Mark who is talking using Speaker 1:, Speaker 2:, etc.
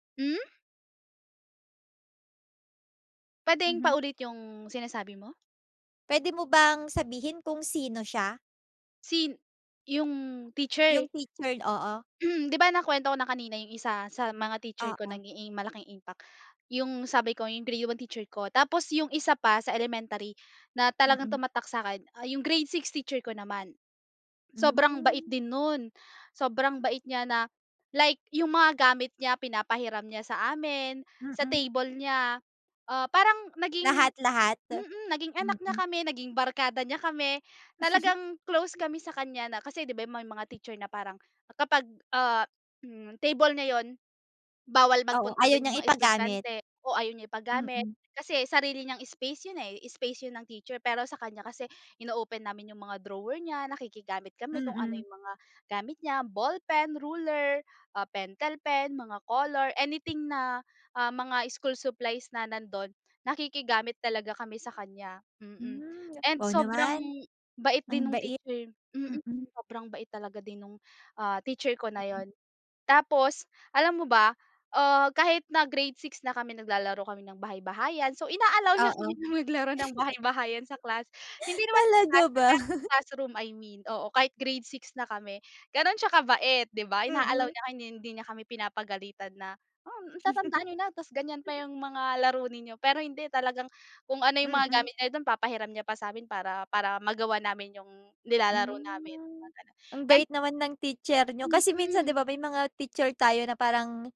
Speaker 1: Hmm. Puwedeng pa
Speaker 2: Mhm.
Speaker 1: ulit yung sinasabi mo?
Speaker 2: Pwede mo bang sabihin kung sino siya?
Speaker 1: Sin yung
Speaker 2: Yung
Speaker 1: teacher?
Speaker 2: teacher, oo.
Speaker 1: Mm, 'di ba, nakwento ko na kanina yung isa sa mga teacher ko
Speaker 2: Oo.
Speaker 1: naging malaking impact. Yung sabi ko yung grade 1 teacher ko. Tapos yung isa pa sa elementary na talagang
Speaker 2: Mm.
Speaker 1: tumatak sa'kin, ah, yung grade 6 teacher ko naman. Sobrang bait
Speaker 2: Hmm.
Speaker 1: din nun. Sobrang bait niya na like yung mga gamit niya pinapahiram niya sa amin, sa
Speaker 2: Mm.
Speaker 1: table niya, ah, parang naging a
Speaker 2: Lahat-lahat,
Speaker 1: mm, naging anak niya
Speaker 2: mm.
Speaker 1: kami, naging barkada niya kami, talagang close kami sa kanya na kasi, 'di ba, may mga teacher na parang kapag, ah, hmm, table niya yun, bawal
Speaker 2: Oo,
Speaker 1: magpunta
Speaker 2: ayaw
Speaker 1: dun yung
Speaker 2: niyang
Speaker 1: mga
Speaker 2: ipagamit.
Speaker 1: estudyante o ayaw niya ipagamit.
Speaker 2: Mm.
Speaker 1: Kasi sarili niyang space yun, eh, space yun ng teacher. Pero sa kanya kasi ino-open namin yung mga drawer niya, nakikigamit kami kung ano
Speaker 2: Mm.
Speaker 1: yung mga gamit niya ballpen, ruler, ah, pentel pen, mga color, anything na, ah, mga school supplies na nandun. Nakikigamit talaga kami sa kanya, mm.
Speaker 2: Hmm, nga
Speaker 1: And
Speaker 2: wow
Speaker 1: sobrang
Speaker 2: naman.
Speaker 1: bait
Speaker 2: Ang
Speaker 1: din nung
Speaker 2: bait,
Speaker 1: teacher mm,
Speaker 2: mm.
Speaker 1: sobrang bait talaga din nung, ah, teacher ko na yun. Tapos alam mo ba, ah, kahit na grade 6 na kami naglalaro kami ng bahay-bahayan. So, ina-allow niya kami
Speaker 2: Oo.
Speaker 1: na maglaro ng bahay-bahayan sa class. Hindi naman sa
Speaker 2: Talaga
Speaker 1: klase
Speaker 2: ba?
Speaker 1: pero sa classroom I mean, oo, kahit grade 6 na kami. Ganun siya kabait, 'di ba? Ina-allow
Speaker 2: Mm.
Speaker 1: niya hindi, hindi niya kami pinapagalitan na, "Hmm, tatanda niyo na tapos ganyan pa yung mga laro ninyo." Pero hindi talagang kung ano yung mga
Speaker 2: Mm.
Speaker 1: gamit niya dun papahiram niya pa sa'min para, para magawa namin yung nilalaro namin mga
Speaker 2: Hmm,
Speaker 1: gano'n
Speaker 2: ang
Speaker 1: and
Speaker 2: bait naman ng teacher niyo. Kasi minsan, 'di
Speaker 1: Mm.
Speaker 2: ba, may mga teacher tayo na parang